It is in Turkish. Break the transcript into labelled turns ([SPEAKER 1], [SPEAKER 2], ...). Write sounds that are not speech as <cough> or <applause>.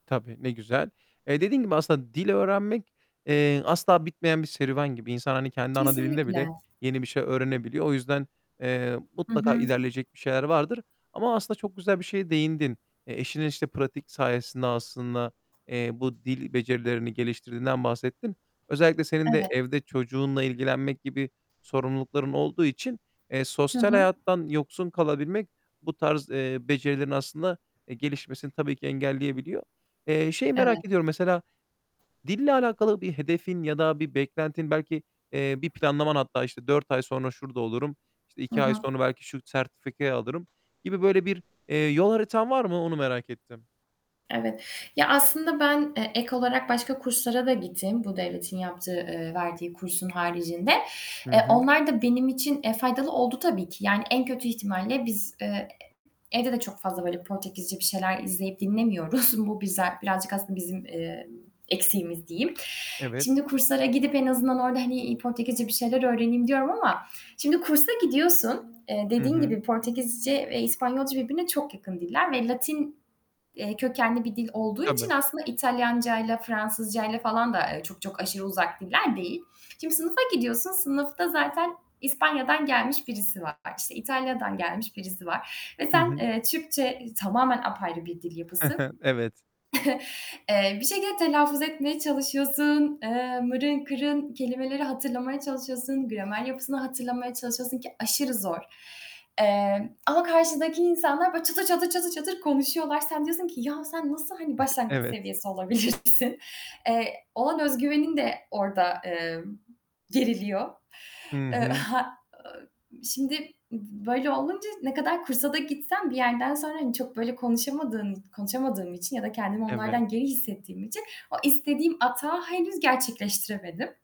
[SPEAKER 1] Tabii, ne güzel. Eee, dediğin gibi aslında dil öğrenmek, eee, asla bitmeyen bir serüven gibi. İnsan, hani, kendi ana dilinde bile
[SPEAKER 2] Kesinlikle.
[SPEAKER 1] yeni bir şey öğrenebiliyor. O yüzden, eee,
[SPEAKER 2] Hı
[SPEAKER 1] mutlaka
[SPEAKER 2] hı.
[SPEAKER 1] ilerleyecek bir şeyler vardır. Ama aslında çok güzel bir şeye değindin. Eee, eşinin, işte, pratik sayesinde aslında, eee, bu dil becerilerini geliştirdiğinden bahsettin. Özellikle senin de
[SPEAKER 2] Evet.
[SPEAKER 1] evde çocuğunla ilgilenmek gibi sorumlulukların olduğu için, eee,
[SPEAKER 2] Hı
[SPEAKER 1] sosyal
[SPEAKER 2] hı.
[SPEAKER 1] hayattan yoksun kalabilmek bu tarz, eee, becerilerin aslında, eee, gelişmesini tabii ki engelleyebiliyor. Eee, şeyi
[SPEAKER 2] Evet.
[SPEAKER 1] merak ediyorum; mesela, dille alakalı bir hedefin ya da bir beklentin belki, eee, bir planlaman hatta, işte, "4 ay sonra şurada olurum." işte,
[SPEAKER 2] Hı
[SPEAKER 1] "2 ay
[SPEAKER 2] hı.
[SPEAKER 1] sonra belki şu sertifikayı alırım." gibi böyle bir, eee, yol haritan var mı? Onu merak ettim.
[SPEAKER 2] Evet. Ya, aslında ben, eee, ek olarak başka kurslara da gittim bu devletin yaptığı, eee, verdiği kursun haricinde.
[SPEAKER 1] Hı
[SPEAKER 2] Eee,
[SPEAKER 1] hı.
[SPEAKER 2] onlar da benim için, eee, faydalı oldu tabii ki. Yani, en kötü ihtimalle biz, eee, e e evde de çok fazla, böyle, Portekizce bir şeyler izleyip dinlemiyoruz. Bu biza birazcık aslında bizim, emm, eksiğimiz diyeyim.
[SPEAKER 1] Evet.
[SPEAKER 2] Şimdi kurslara gidip en azından orada, hani, iii, Portekizce bir şeyler öğreneyim diyorum ama şimdi kursa gidiyorsun. Eee,
[SPEAKER 1] Hı
[SPEAKER 2] dediğin
[SPEAKER 1] hı.
[SPEAKER 2] gibi Portekizce ve İspanyolca birbirine çok yakın diller ve Latin, eee, kökenli bir dil olduğu için
[SPEAKER 1] Tabii.
[SPEAKER 2] aslında İtalyancayla, Fransızcayla falan da, eee, çok çok aşırı uzak diller değil. Şimdi sınıfa gidiyorsun, sınıfta zaten İspanya'dan gelmiş birisi var, işte, İtalya'dan gelmiş birisi var ve
[SPEAKER 1] Hı
[SPEAKER 2] sen,
[SPEAKER 1] hı.
[SPEAKER 2] eee, Türkçe tamamen apayrı bir dil
[SPEAKER 1] Hı
[SPEAKER 2] yapısı.
[SPEAKER 1] hı, evet.
[SPEAKER 2] <chuckles> Eee, bir şekilde telaffuz etmeye çalışıyorsun, eee, mırın kırın kelimeleri hatırlamaya çalışıyorsun, gramer yapısını hatırlamaya çalışıyorsun, ki aşırı zor. Emm, ama karşıdaki insanlar böyle çatır çatır, çatır çatır konuşuyorlar. Sen diyorsun ki "Ya, sen nasıl, hani,
[SPEAKER 1] <chuckles>
[SPEAKER 2] başlangıç
[SPEAKER 1] Evet.
[SPEAKER 2] seviyesi olabilirsin?" Eee, olan öz güvenin de orada, emm, geriliyor.
[SPEAKER 1] Hı
[SPEAKER 2] Eee,
[SPEAKER 1] hı.
[SPEAKER 2] ha ııı, şimdi b böyle olunca ne kadar kursa da gitsem bir yerden sonra, hani, çok, böyle, konuşamadığın i konuşamadığım için ya da kendimi
[SPEAKER 1] Evet.
[SPEAKER 2] onlardan geri hissettiğim için o istediğim atağı henüz gerçekleştiremedim.